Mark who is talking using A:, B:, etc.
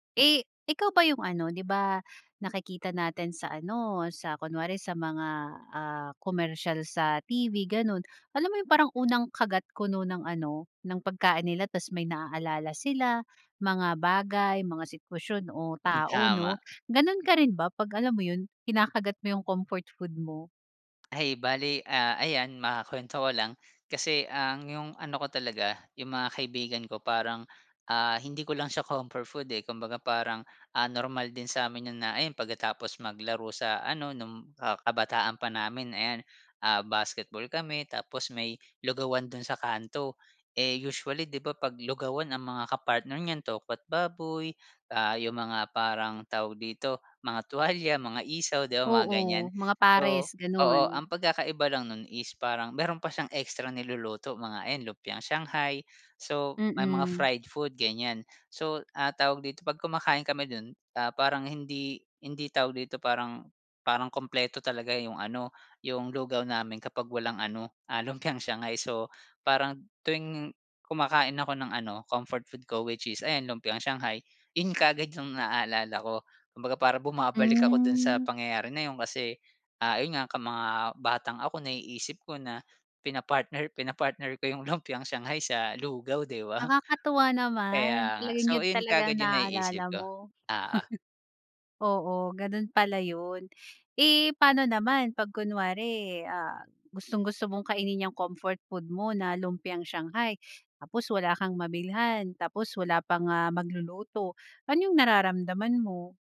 A: Eh, ikaw ba 'yung ano, 'di ba nakikita natin sa ano, sa kunwari sa mga, ah, komersiyal sa TV gano'n, alam mo 'yung parang unang kagat kuno ng ano, ng pagkain nila ta's may naalala sila, mga bagay, mga sitwasyon, o
B: Hmm,
A: tao 'no.
B: tama.
A: Gano'n ka rin ba, 'pag alam mo 'yun, kinakagat mo 'yung comfort food mo?
B: Ay, bale, ah, ayan makuwento ko lang, kasi ang 'yung ano ko talaga, 'yung mga kaibigan ko parang, ah, hindi ko lang siya comfort food, eh, kumbaga parang, ah, normal din sa'min 'yun na ayan pagkatapos maglaro sa ano nung, ah, kabataan pa namin ayan, ah, basketball kami tapos may lugawan dun sa kanto. Eh, usually 'di ba 'pag lugawan ang mga kapartner niyan tokwa't baboy, ah, 'yung mga parang tawag dito, mga tuwalya, mga isaw, 'di ba mga ganiyan.
A: Oo, mga
B: So,
A: pares,
B: oo,
A: gano'n.
B: ang pagkakaiba lang nun is parang meron pa siyang ekstrang niluluto, mga ayan, lumpiang shanghai, so may mga
A: Mm.
B: fried food, ganiyan. So, ah, tawag dito, 'pag kumakain kami dun, ah, parang hindi hindi tawag dito, parang parang kumpleto talaga 'yung ano, 'yung lugaw namin kapag walang ano, ah, lumpiang shanghai. So parang tuwing kumakain ako ng ano, comfort food ko which is ayan lumpiang shanghai, 'yun kaagad 'yung naaalala ko. Kumbaga parang bumabalik ako dun sa
A: Hmm.
B: pangyayari na 'yun kasi, ah, ayun nga, ka mga batang ako, naiisip ko na pinapartner pinapartner ko 'yung lumpiang shanghai sa lugaw, 'di ba.
A: Nakakatuwa naman,
B: Kaya nga.
A: talagang
B: So
A: 'yun
B: ayun
A: talaga ang
B: kaagad 'yung
A: naaalala
B: naiisip ko,
A: mo.
B: oo.
A: Oo, ganun pala 'yun. Eh, pa'no naman 'pag kunwari, ah, gustong-gusto mong kainin 'yang comfort food mo na lumpiang shanghai, tapos wala kang mabilhan, tapos wala pang, ah, magluluto, ano 'yung nararamdaman mo?